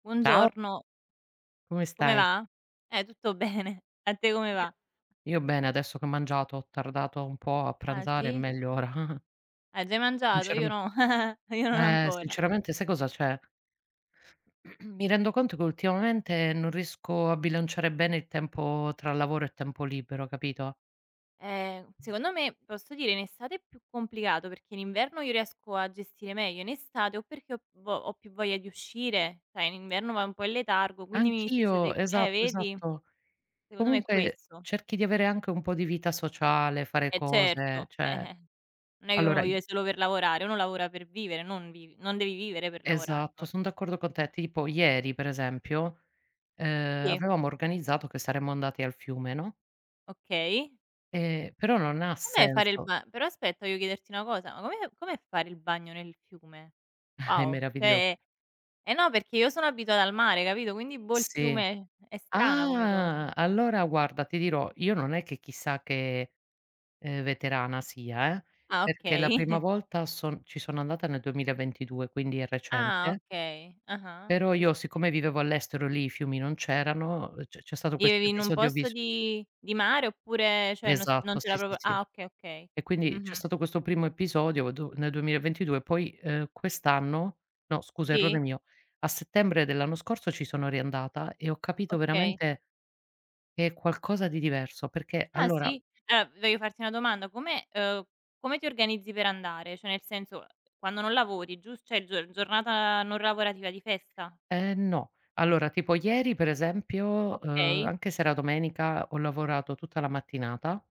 Ciao Buongiorno. Come Come stai? va? Eh tutto bene. A te come va? Io io bene adesso che ho mangiato, ho tardato un po' a Ah pranzare e sì? meglio ora. Hai già mangiato? Io Inceram no, io non eh ancora. sinceramente sai cosa c'è? Mi rendo conto che ultimamente non riesco a bilanciare bene il tempo tra lavoro e tempo libero, capito? Eh. Secondo me, posso dire, in estate è più complicato perché in inverno io riesco a gestire meglio, in estate o perché ho vo ho più voglia di uscire, sai in inverno vai un po' in letargo quindi mi Anch'io, succede eh esatto, vedi? esatto. Secondo me è Comunque questo. cerchi di avere anche un po' di vita sociale, fare E cose, certo, cioè eh-eh. Non è che uno allora i vive solo per lavorare, uno lavora per vivere, non vivi non devi vivere per lavorare. Esatto, Non r eh son d'accordo con te. Tipo ieri, per esempio, ehm, Sì. avevamo organizzato che saremmo andati al fiume, no? Okay. E però non ha Com'è fare il senso. ba però aspetta devo chiederti una cosa, ma com'è com'è fare il bagno nel fiume? È Wow, meraviglio cioè è eh, no perché io sono abituata al mare, capito? Quindi, boh, il Sì. fiume è strana come cosa. Ah! Allora guarda ti dirò, io non è che chissà che, ehm, veterana, sia, eh, Ah, perché la okay. prima volta son ci sono andata nel 2022 quindi è Ah! recente Okay. Ah-ah. però Sì, sì, io sì. siccome vivevo all'estero, lì i fiumi non c'erano, c c'è stato questo Vivevi in un episodio posto vis di di mare oppure, cioè, non s non Esatto c'era sì, sì, proprio Ah sì. okay, okay. E quindi c'è Mh-mh. stato questo primo episodio do nel 2022 poi, uhm, quest'anno no scusa errore Sì? mio, a settembre dell'anno scorso ci sono riandata e ho capito Okay. veramente che è qualcosa di diverso, perché Ah allora si? Allora voglio farti una domanda. Come uhm, come ti organizzi per andare? Cioè nel senso, uhm, quando non lavori, gius cioè gior giornata non lavorativa di festa? Ehm, no. Allora tipo ieri per esempio, uhm, Okay. anche se era domenica ho lavorato tutta la mattinata.